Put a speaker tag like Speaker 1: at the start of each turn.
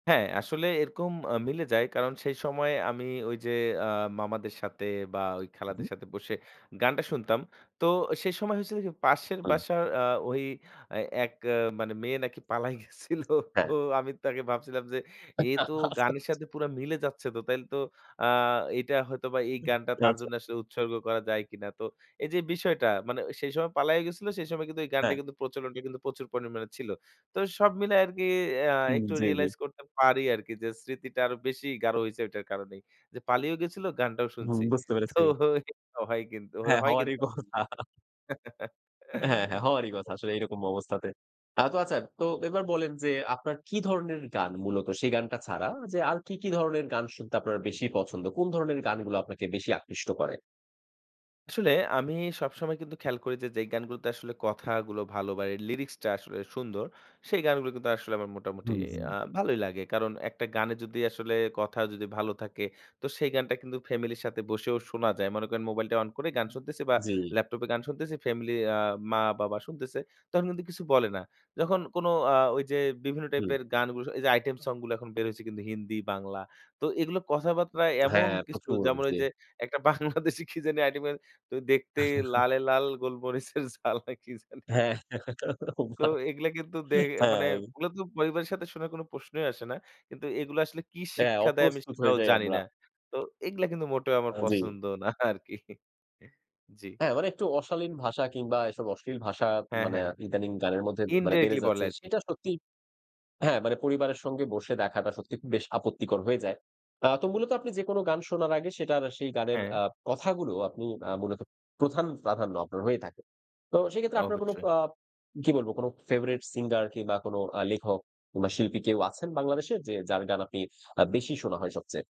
Speaker 1: হ্যাঁ, আসলে এরকম আ মিলে যায়। কারণ সেই সময় আমি ওইযে, আ মামাদের সাথে বা ওই
Speaker 2: হু, হুম।
Speaker 1: খালাদের সাথে বসে গানটা শুনতাম। তো সেই সময় হয়েছিল পাশের
Speaker 2: হুম।
Speaker 1: বাসার আ ওই এক আ মানে মেয়ে নাকি পালায় গেছিল।
Speaker 2: হ্যাঁ।
Speaker 1: তো আমি তাকে ভাবছিলাম যে এ
Speaker 2: আচ্ছা,
Speaker 1: তো
Speaker 2: আচ্ছা।
Speaker 1: গানের সাথে পুরা মিলে যাচ্ছে, তো তাইলে তো আ এটা হয়তোবা এই
Speaker 2: হুম,
Speaker 1: গানটা তার
Speaker 2: আচ্ছা।
Speaker 1: জন্য আসলে উৎসর্গ করা যায় কিনা। তো এই যে বিষয়টা মানে সেই সময় পালাইয়া গেছিল, সেই সময় কিন্তু এই গানটা
Speaker 2: হ্যাঁ।
Speaker 1: কিন্তু প্রচলনটা কিন্তু প্রচুর পরিমাণে ছিল। তো সব মিলায় আরকি আ
Speaker 2: হুম,
Speaker 1: একটু
Speaker 2: জি, জি।
Speaker 1: রিয়ালাইজ করতে পারি আরকি যে স্মৃতিটা আরো বেশি গাঢ় হইছে এটার কারণেই। যে পালিয়েও গেছিল গানটাও
Speaker 2: হুম,
Speaker 1: শুনছি।
Speaker 2: বুঝতে
Speaker 1: তো
Speaker 2: পেরেছি।
Speaker 1: এটা হয় কিন্তু
Speaker 2: হ্যাঁ,
Speaker 1: হয়
Speaker 2: হওয়ারই
Speaker 1: কিন্তু।
Speaker 2: কথা। হ্যাঁ, হ্যাঁ,
Speaker 1: জি,
Speaker 2: হওয়ারই কথা
Speaker 1: ভাই।
Speaker 2: আসলে এইরকম অবস্থাতে। আ তো আচ্ছা তো এবার বলেন যে আপনার কি ধরনের গান মূলত সেই গানটা ছাড়া যে আর কি, কি ধরনের গান শুনতে আপনার বেশি পছন্দ? কোন ধরনের গানগুলা আপনাকে বেশি আকৃষ্ট করে?
Speaker 1: আসলে আমি সবসময় কিন্তু খেয়াল করি যে, যেই গানগুলোতে আসলে কথাগুলো ভালো বা লিরিক্সটা আসলে সুন্দর সেই গানগুলো কিন্তু আসলে আমার মোটামুটি
Speaker 2: হুম, হুম।
Speaker 1: আ ভালোই লাগে। কারণ একটা গানে যদি আসলে কথা যদি ভালো থাকে, তো সেই গানটা কিন্তু ফ্যামিলির সাথে বসেও শোনা যায়। মনে করেন মোবাইলটা অন করে গান শুনতেছি বা
Speaker 2: জি।
Speaker 1: ল্যাপটপে গান শুনতেছি। ফ্যামিলি আ মা-বাবা শুনতেছে। তখন কিন্তু কিছু বলে না। যখন কোনো আ ওইযে বিভিন্ন
Speaker 2: হুম।
Speaker 1: টাইপের গানগু এই যে আইটেম সংগুলো এখন বের হয়েছে কিন্তু হিন্দি বাংলা। তো এগুলো কথাবার্তা এমন
Speaker 2: হ্যাঁ,
Speaker 1: কিছু
Speaker 2: প্রচুর
Speaker 1: যেমন
Speaker 2: জি।
Speaker 1: ওইযে একটা বাংলাদেশী কি জানি আইটেমের তো দেখতে লালে লাল গোলমরিচের ঝাল না কি জানি
Speaker 2: হ্যাঁ
Speaker 1: তো এগুলা কিন্তু দে মানে
Speaker 2: হ্যাঁ।
Speaker 1: এগুলো তো পরিবারের সাথে শোনার কোনো প্রশ্নই আসে না। কিন্তু এগুলা আসলে কি
Speaker 2: হ্যাঁ,
Speaker 1: শিক্ষা দেয় আমি
Speaker 2: অপ্রস্তুত হয়ে
Speaker 1: সেটাও
Speaker 2: যাই
Speaker 1: জানি
Speaker 2: আমরা।
Speaker 1: না। তো এগুলা কিন্তু মোটেও আমার
Speaker 2: হ্যাঁ, জি।
Speaker 1: পছন্দ না আরকি জি।
Speaker 2: হ্যাঁ, মানে একটু অশালীন ভাষা কিংবা এসব অশ্লীল ভাষা
Speaker 1: হ্যাঁ,
Speaker 2: মানে
Speaker 1: হ্যাঁ, হ্যাঁ
Speaker 2: ইদানিং গানের মধ্যে মানে বেড়ে
Speaker 1: ইনডিরেক্টলি বলে
Speaker 2: যাচ্ছে।
Speaker 1: আরকি।
Speaker 2: সেটা সত্যি হ্যাঁ, মানে পরিবারের সঙ্গে বসে দেখাটা সত্যিই খুব বেশ আপত্তিকর হয়ে যায়। আ তো মূলত আপনি যেকোনো গান শোনার আগে সেটার সেই গানের আ
Speaker 1: হ্যাঁ।
Speaker 2: কথাগুলো আপনি আ মূলত প্রধান প্রাধান্য আপনার হয়ে থাকে। তো সেক্ষেত্রে আপনার কোনো
Speaker 1: অবশ্যই।
Speaker 2: আ কি বলব কোনো ফেভারাইট সিঙ্গার কিংবা কোনো আ লেখক কিংবা শিল্পী কেউ আছেন বাংলাদেশে যে যার গান আপনি আ বেশি শোনা হয় সবচেয়ে?